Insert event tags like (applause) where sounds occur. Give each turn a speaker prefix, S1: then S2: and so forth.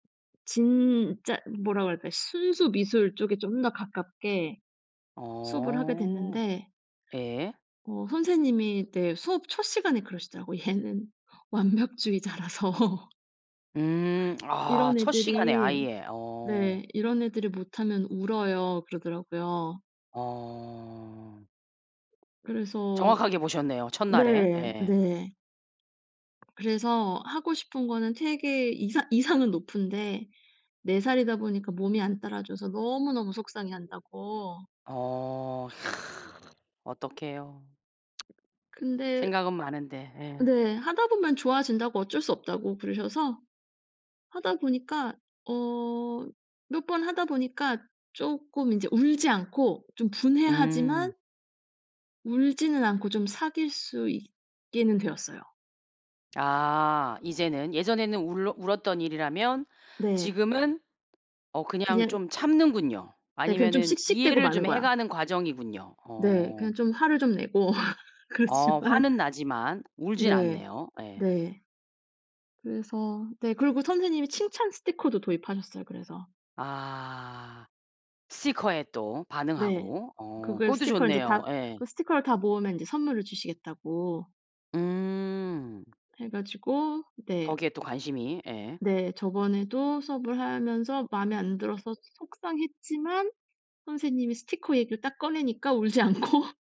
S1: 진짜 뭐라 그럴까 순수 미술 쪽에 좀 더 가깝게 수업을 하게
S2: 어.
S1: 됐는데
S2: 예.
S1: 어 선생님이 네 수업 첫 시간에 그러시더라고. 얘는 완벽주의자라서
S2: 음. 아
S1: 이런
S2: 첫 시간에
S1: 애들이
S2: 아예. 어.
S1: 네. "이런 애들이 못하면 울어요." 그러더라고요.
S2: 어.
S1: 그래서
S2: 정확하게 보셨네요. 첫날에.
S1: 네.
S2: 예.
S1: 네. 그래서 하고 싶은 거는 되게 이상 이상은 높은데, 4 살이다 보니까 몸이 안 따라줘서 너무너무 속상해한다고.
S2: 어 어떡해요? (tsk)
S1: 근데
S2: 생각은 많은데. 예.
S1: 네. 하다보면 좋아진다고 어쩔 수 없다고 그러셔서, 하다 보니까 어 몇 번 하다 보니까 쪼끔 인제 울지 않고 좀 분해하지만
S2: 음.
S1: 울지는 않고 좀 사귈 수 있게는 되었어요.
S2: 아 이제는 예전에는 울러 울었던 일이라면
S1: 네.
S2: 지금은 어 그냥
S1: 그냥
S2: 좀 참는군요.
S1: 네. 그냥 좀
S2: 아니면은
S1: 씩씩대고
S2: 이해를
S1: 마는
S2: 좀
S1: 거야.
S2: 해가는 과정이군요.
S1: 네.
S2: 어.
S1: 그냥 좀 화를 좀 내고 (laughs)
S2: 어
S1: 그렇지만
S2: 화는 나지만 울진
S1: 네.
S2: 않네요. 예.
S1: 네. 그래서 네 그리고 선생님이 칭찬 스티커도 도입하셨어요. 그래서.
S2: 아 스티커에 또
S1: 네.
S2: 반응하고 어
S1: 그걸
S2: 그것도
S1: 스티커를 인제
S2: 좋네요.
S1: 다
S2: 예.
S1: 그 스티커를 다 모으면 인제 선물을 주시겠다고
S2: 음.
S1: 해 가지고 네.
S2: 거기에 또 관심이. 예.
S1: 네. 저번에도 수업을 하면서 마음에 안 들어서 소 속상했지만 선생님이 스티커 얘기를 딱 꺼내니까 울지 않고